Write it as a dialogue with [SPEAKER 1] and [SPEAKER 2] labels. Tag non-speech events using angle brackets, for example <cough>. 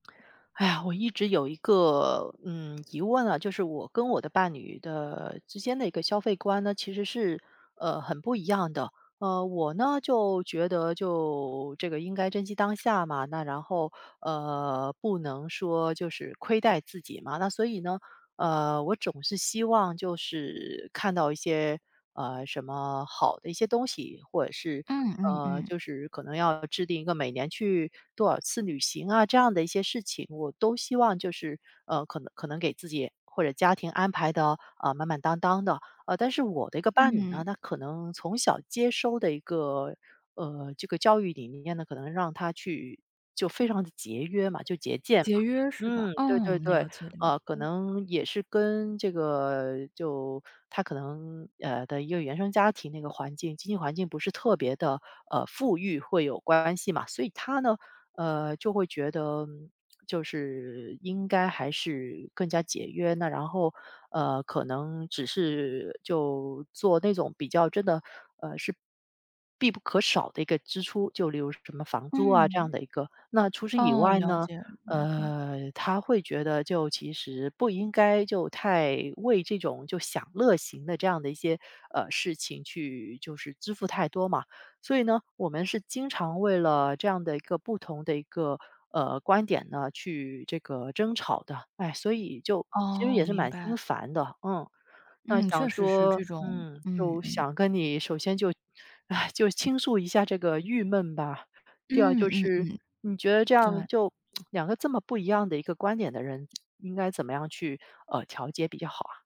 [SPEAKER 1] 哎呀，我一直有一个，嗯，疑问啊，就是我跟我的伴侣的之间的一个消费观呢，其实是，呃，很不一样的。呃，我呢就觉得就这个应该珍惜当下嘛，那然后，呃，不能说就是亏待自己嘛。那所以呢，呃，我总是希望就是看到一些，呃，什么好的一些东西，或者是
[SPEAKER 2] 嗯嗯
[SPEAKER 1] 呃，
[SPEAKER 2] 嗯。
[SPEAKER 1] 就是可能要制定一个每年去多少次旅行啊，这样的一些事情，我都希望就是，呃，可能可能给自己或者家庭安排得，呃，满满当当的。呃，但是我的一个伴侣
[SPEAKER 2] 嗯。
[SPEAKER 1] 呢，他可能从小接收的一个，呃，这个教育理念呢，可能让他去就非常地节约嘛，就节俭嘛。
[SPEAKER 2] 节约是吧？
[SPEAKER 1] 嗯，对对
[SPEAKER 2] 嗯，
[SPEAKER 1] 对。
[SPEAKER 2] 了解了
[SPEAKER 1] 呃，可
[SPEAKER 2] 解。
[SPEAKER 1] 能也是跟这个就他可能呃，的一个原生家庭那个环境，经济环境不是特别地，呃，富裕会有关系嘛，所以他呢，呃，就会觉得 <smacks lips> 就是应该还是更加节约。那然后，呃，可能只是就做那种比较真的呃，是，必不可少的一个支出，就例如什么房租啊这样
[SPEAKER 2] 嗯。
[SPEAKER 1] 的一个。那除此以
[SPEAKER 2] 哦，
[SPEAKER 1] 外
[SPEAKER 2] 了
[SPEAKER 1] 呢，
[SPEAKER 2] 解了解。
[SPEAKER 1] 呃，他会觉得就其实不应该就太为这种就享乐型的这样的一些，呃，事情去就是支付太多嘛。所以呢，我们是经常为了这样的一个不同的一个，呃，观点呢去这个争吵的。唉，所以就其实
[SPEAKER 2] 哦，
[SPEAKER 1] 也是
[SPEAKER 2] 明
[SPEAKER 1] 蛮
[SPEAKER 2] 白
[SPEAKER 1] 心
[SPEAKER 2] 了。
[SPEAKER 1] 烦的，嗯。那
[SPEAKER 2] 嗯，
[SPEAKER 1] 想
[SPEAKER 2] 确实是
[SPEAKER 1] 说
[SPEAKER 2] 这种
[SPEAKER 1] 嗯，
[SPEAKER 2] 嗯
[SPEAKER 1] 就
[SPEAKER 2] 嗯。
[SPEAKER 1] 想跟你首先就唉，就倾诉一下这个郁闷吧，第二
[SPEAKER 2] 嗯
[SPEAKER 1] 就
[SPEAKER 2] 嗯
[SPEAKER 1] 是
[SPEAKER 2] 嗯。
[SPEAKER 1] 你觉得这样
[SPEAKER 2] 对。
[SPEAKER 1] 就 <smacks lips> 两个这么不一样的一个观点的人，应该怎么样去，呃，调节比较好啊？